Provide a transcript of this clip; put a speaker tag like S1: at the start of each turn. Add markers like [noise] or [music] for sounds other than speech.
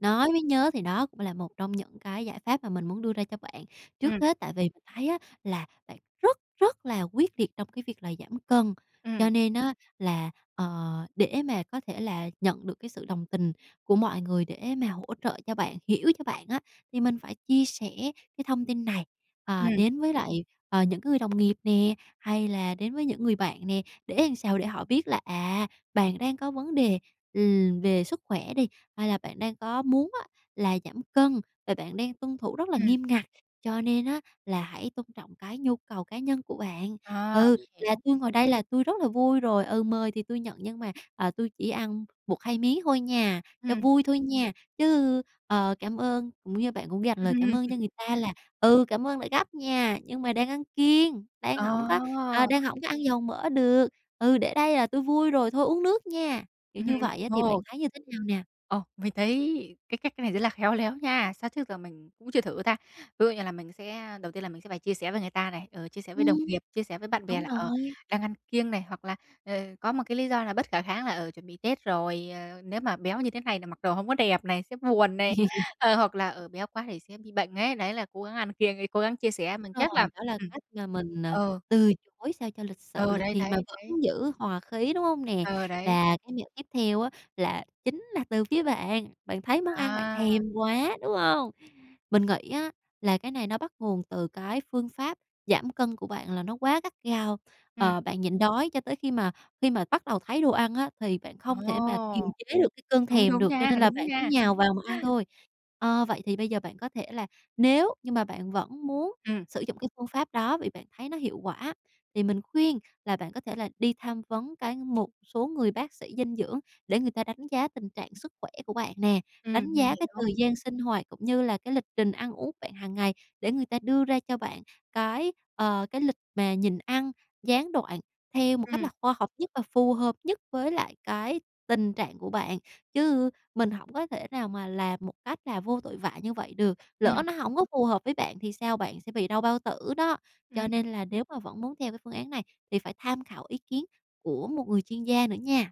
S1: Nói mới nhớ, thì đó cũng là một trong những cái giải pháp mà mình muốn đưa ra cho bạn. Trước
S2: Ừm.
S1: hết tại vì mình thấy á là bạn rất rất là quyết liệt trong cái việc là giảm cân,
S2: Ừm.
S1: cho nên á là, ờ, để mà có thể là nhận được cái sự đồng tình của mọi người để mà hỗ trợ cho bạn, hiểu cho bạn á thì mình phải chia sẻ cái thông tin này, ờ,
S2: Ừm.
S1: đến với lại, ờ, những cái người đồng nghiệp nè, hay là đến với những người bạn nè. Để làm sao? Để họ biết là, à, bạn đang có vấn đề, ừm, về sức khỏe đi, hay là bạn đang có muốn á là giảm cân và bạn đang tuân thủ rất là
S2: Ừm.
S1: nghiêm ngặt, cho nên á là hãy tôn trọng cái nhu cầu cá nhân của bạn.
S2: À,
S1: "Ừ,
S2: mình
S1: là
S2: hiểu.
S1: tui ngồi đây là tui rất là vui rồi, ừ, mời thì tui nhận nhưng mà, ờ, tui chỉ ăn 1-2 miếng thôi nha, cho
S2: Ừm.
S1: vui thôi nha", chứ, ờ, cảm ơn cũng như bạn cũng dành lời cảm ơn cho
S2: [chuckles]
S1: người ta là "Ừ, cảm ơn đã gắp nha, nhưng mà đang ăn kiêng, đang hổng có ờ,
S2: À!
S1: đang hổng có ăn dầu mỡ được. Ừ, để đây là tui vui rồi thôi uống nước nha", kiểu
S2: Ừm
S1: như
S2: hưm.
S1: vậy á thì bạn
S2: Ồ.
S1: thấy như thế nào nè?
S2: Ồ. Mình thấy cái cách cái này rất là khéo léo nha, sao trước giờ mình cũng chưa thử ta. Ví dụ như là mình sẽ đầu tiên là mình sẽ phải chia sẻ với người ta này, ờ, chia sẻ với đồng
S1: Ừm.
S2: nghiệp, chia sẻ với bạn bè
S1: Đúng
S2: là, ờ,
S1: rồi.
S2: đang ăn kiêng này, hoặc là, ờ, có một cái lý do là bất khả kháng là, ờ, chuẩn bị Tết rồi, ờ, nếu mà béo như thế này là mặc đồ hổng có đẹp này, sẽ buồn này, ờ, hoặc là,
S1: [chuckles]
S2: ờ, béo quá thì sẽ bị bệnh ấy. Đấy, là cố gắng ăn kiêng đi, cố gắng chia sẻ, mình
S1: Đúng
S2: chắc
S1: rồi,
S2: là
S1: đó là
S2: ừm.
S1: cách mà mình, à,
S2: Ờ.
S1: từ chối sao cho lịch sự,
S2: Ừ,
S1: lịch
S2: đấy,
S1: thiệp mà
S2: đấy, đấy.
S1: vẫn giữ hòa khí, đúng hông nè?
S2: Ờ, đấy.
S1: Và cái việc tiếp theo á là chính là từ phía bạn, bạn thấy món ăn bạn
S2: À!
S1: thèm quá, đúng không? Mình nghĩ á là cái này nó bắt nguồn từ cái phương pháp giảm cân của bạn là nó quá gắt gao,
S2: Ừm.
S1: ờ, bạn nhịn đói cho tới khi mà khi mà bắt đầu thấy đồ ăn á thì bạn không thể mà kiềm
S2: Ồ!
S1: chế được cái cơn
S2: Đúng,
S1: thèm
S2: đúng
S1: được cho
S2: nha,
S1: nên là
S2: đúng
S1: bạn cứ
S2: nha.
S1: nhào vào mà ăn thôi. Ơ, vậy thì bây giờ bạn có thể là nếu như mà bạn vẫn muốn
S2: Ừm.
S1: sử dụng cái phương pháp đó vì bạn thấy nó hiệu quả thì mình khuyên là bạn có thể là đi tham vấn cái một số người bác sĩ dinh dưỡng để người ta đánh giá tình trạng sức khỏe của bạn nè,
S2: Ừm,
S1: đánh
S2: mình
S1: giá cái
S2: hiểu.
S1: thời gian sinh hoạt, cũng như là cái lịch trình ăn uống của bạn hàng ngày để người ta đưa ra cho bạn cái, ờ, cái lịch mà nhịn ăn gián đoạn theo một cách là
S2: Ừm.
S1: khoa học nhất và phù hợp nhất với lại cái tình trạng của bạn. Chứ mình hổng có thể nào mà làm một cách là vô tội vạ như vậy được, lỡ
S2: Ừm.
S1: nó hổng có phù hợp với bạn thì sao, bạn sẽ bị đau bao tử đó. Cho
S2: Ừm.
S1: nên là nếu mà vẫn muốn theo cái phương án này thì phải tham khảo ý kiến của một người chuyên gia nữa nha.